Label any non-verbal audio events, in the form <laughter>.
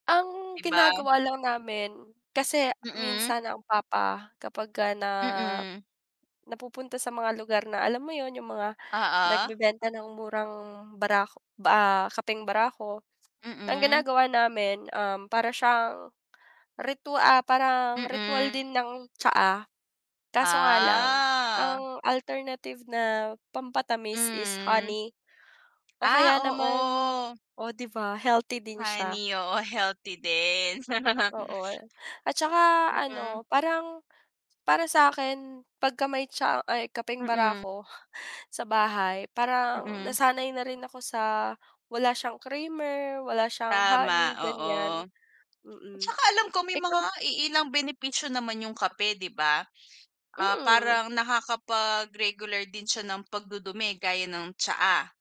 Ang 'Di ba? ginagawa lang namin kasi Mm. minsan ang papa kapagka na Mm. napupunta sa mga lugar na alam mo 'yun, yung mga Oo. nagbebenta ng murang barako ba ah, kapeng barako <tsk> ang Mm. ginagawa namin, um, para siyang ritwa ah, parang ritwal din Mm. ng tsaa. Kaso nga lang Ah. ang alternative na pampatamis is Hmm. honey o Ah, kaya naman oo. oh, 'di ba healthy din siya. Honey, oo healthy din. Oo. <snorts> At saka Mm. ano parang, para sa'kin pagka may tsaa ay kapeng Mm. barako, sa bahay, parang Mm. nasanay na rin ako sa wala siyang creamer, wala siyang Tama, honey, oo. ganiyan. At Mm, saka alam ko may mga ikaw iilang benepisyo naman yung kape, 'di ba? Ah, Mm. parang nakakapag-regular din siya ng pag-dudumi gaya ng tsaa.